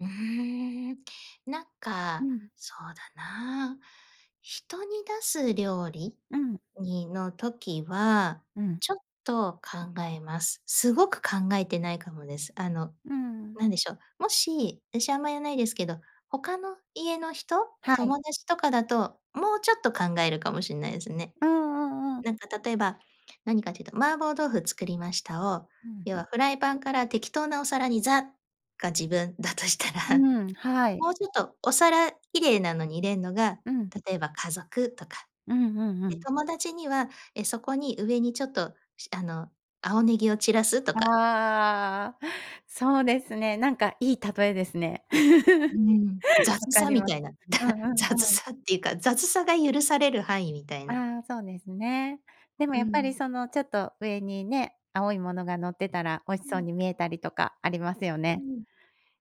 うーん、なんうかん。そうだな、人に出す料理うん。にの、時はうん。ちょっと考えます。すごく考えてないかもです。あの、うんうん。なんでしょう、もしあし、あんま、やんないですけど、他の家の人？はい。友達とかだともうちょっと考えるかもしんないすね。うんうんうん。なんか例えば、何かというと、麻婆豆腐作りましたを、うん。要はフライパンから適当なお皿に「ザ」が自分だとしたら、うん、はい。もうちょっとお皿綺麗なのに入れんのが、うん。例えば家族とか。うんうんうで、ん。友達には、え、そこに上にちょっと、しあの、青ネギを散らすとか。ああ、そうですね。なんかいい例えですね。う 分ん、雑かさりみまたいな、だ、うんうん雑うん。さっていうか、雑さが許される範囲みたいな。ああ、そうですね。でもうやっぱりん。その、ちょっと上にね、青いものがのってたら美味しうそうん。に見えたりとかありますようね。ん。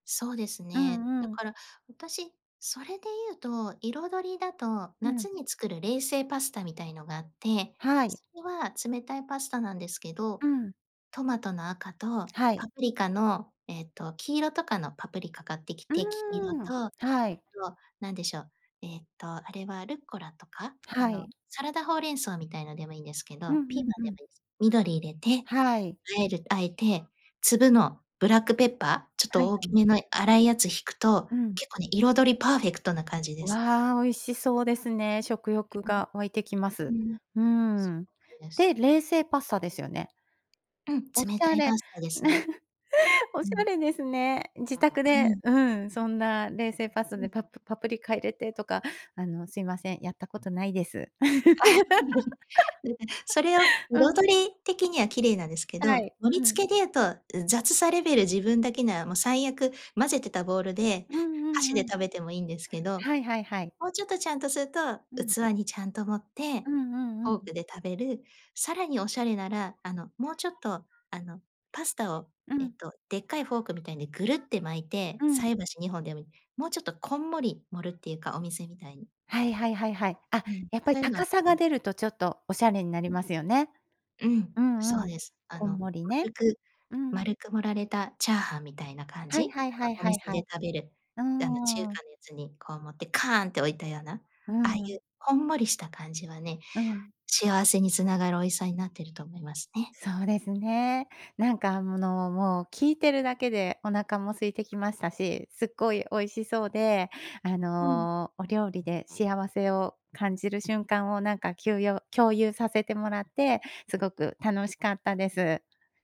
そうですうね。んだうん。から私、それでゆうと、彩りだと、う夏ん。に作る冷製パスタみたいのがあって、はい。それは冷たいパスタなんですけど、うん。トマトの赤とはい。パプリカのえっと、黄色とかのパプリカ買ってきうて、き-きろーん、と、あはい。となんでしょう、えっとあれはルッコラとか、あはの、い。サラダほうれん草みたいなでもいいんですけうど、ピーマんうンんでうん。もいいす。緑入れて、はい。和える和えて、粒のブラックペッパー、ちょっはとい大はきい。めの粗いやつ引くと、うん。結構ね、彩りパーフェクトな感じです。わあ、美味しそうですね、食欲が湧いてきまうんす。うん。うん、うそん。う、です。で、冷製パスタですよね？うん、おし冷たゃいれ、パね、スタですね。おうしゃん。れですね。自宅うで、ん。うん、そんな冷製パスタうん。でパプパプリカ入れてとか、あの、すいません、やったことないです。あ、うん、うん、それをうん。彩り的には綺麗なんですけはど、い、盛りうん。付けでうと、ん、雑さレベル自分だけならも、最悪混ぜてたボールで、うんうん箸でうん。食べてもいいんですけど、はいはいはい。もうちょっとちゃんとするとうん。器にちゃんと盛って、うんうんうフォーん。クで食べる、さらにおしゃれなら、あの、もうちょっと、あの、パスタをうえっん。とでっかいフォークみたいにぐるって巻いて、うん。菜箸二本でもいい、もうちょっとこんもり盛るっていうか、お店みたいに。はいはいはいはい。あ、うん、やっぱそりゆの、高さうがん。出るとちょっとおしゃれになりうん。ますよね。うん、うんそううん。です。あこんの、もりね。丸くうん。丸く盛られたチャーハンみたいな感はいじ？はいあはいの、おはい店はでい。食べる、うあの、中ーん。華のやつにこう持ってカーンって置いたような、うああいん。うこんもりした感じはね、うん。幸せにつながる美味しさになってると思いますね。そうですね。なんか、あむの、もう聞いてるだけでお腹も空いてきましたし、すっごい美味しそうで、あうん。の、お料理で幸せを感じる瞬間をなんかきゅうよう共有させてもらって、すごく楽しかったです。